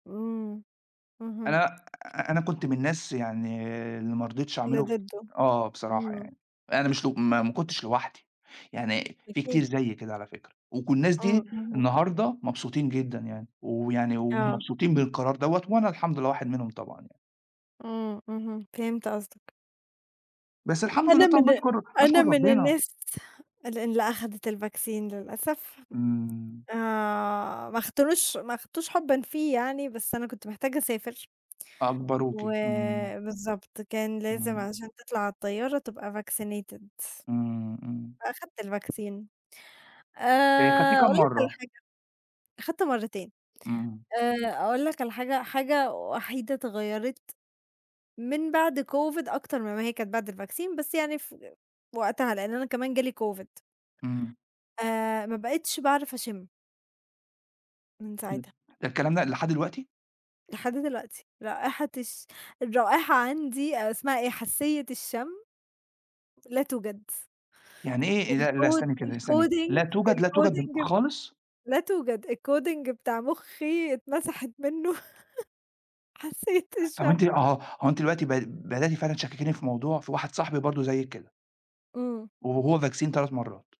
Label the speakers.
Speaker 1: أمم اهم.
Speaker 2: أنا أ أنا كنت من الناس يعني اللي ما رضيتش
Speaker 1: اللي
Speaker 2: أعمله،
Speaker 1: ضده.
Speaker 2: آه، آه بصراحة
Speaker 1: أمم.
Speaker 2: يعني، أنا مش لؤ ما ما كنتش لوحدي، يعني في كتير
Speaker 1: أكيد.
Speaker 2: زيي كده على فكرة، وك الناس
Speaker 1: أمم،
Speaker 2: دي
Speaker 1: اهم.
Speaker 2: النهاردة مبسوطين جدًا يعني، ويعني
Speaker 1: آه.
Speaker 2: ومبسوطين بالقرار دَوَّة، وأنا الحمد لله واحد منهم طبعًا يعني.
Speaker 1: أمم، اهم فهمت قصدك.
Speaker 2: بس الحمد لله
Speaker 1: أنا
Speaker 2: طبعًا،
Speaker 1: من
Speaker 2: باشكُر باشكُر
Speaker 1: أنا من
Speaker 2: ربنا.
Speaker 1: الناس اللي اللي أخدت الvaccine للأسف.
Speaker 2: إمم.
Speaker 1: آآ، ما اختاروش ما أخدتوش حبًا فيه يعني، بس أنا كنت محتاجة أسافر.
Speaker 2: أجبروكِ، إمم.
Speaker 1: وبالضبط كان لازم
Speaker 2: إمم.
Speaker 1: عشان تطلَع على الطيارة تبقى vaccinated،
Speaker 2: إمم، إمم.
Speaker 1: فأخدت الvaccine
Speaker 2: إيه خدتيه
Speaker 1: آآ
Speaker 2: كام
Speaker 1: أقول لك على
Speaker 2: مرّة؟
Speaker 1: حاجة، أخدت مرّتين.
Speaker 2: إمم.
Speaker 1: آآ أقول لك على حاجة، حاجة وحيدة اتغيّرت من بَعد COVID أكترمن ما هي كانت بَعد الvaccine، بس يعني فوقتها، لأن أنا كمان جه لي COVID.
Speaker 2: إمم.
Speaker 1: آآ، ما بقتش باعرف أشم. من
Speaker 2: إمم.
Speaker 1: ساعتها.
Speaker 2: ده الكلام ده لحد دلوقتي؟!
Speaker 1: لحد دلوقتي رائحة الش الرائحة عَندي، آآ اسمها إيه؟ حاسّية الشم لا توجد.
Speaker 2: يعني إيه؟ إ لأ، لا،
Speaker 1: الcod
Speaker 2: استني كده استني، لا
Speaker 1: الcoding
Speaker 2: توجد، لا توجد ب
Speaker 1: الcoding
Speaker 2: خالص؟
Speaker 1: لا توجد، الcoding بتاع مخي اتمسحت مِنُّه حاسّية
Speaker 2: طَب أنت
Speaker 1: الشم.
Speaker 2: أهو هو أنتِ دلوقتي ب بدأتِ فعلًا تشككيني في موضوع في واحد صاحبي برضه زيِّك كده.
Speaker 1: إمم.
Speaker 2: و وهو vaccine 3 مرّات.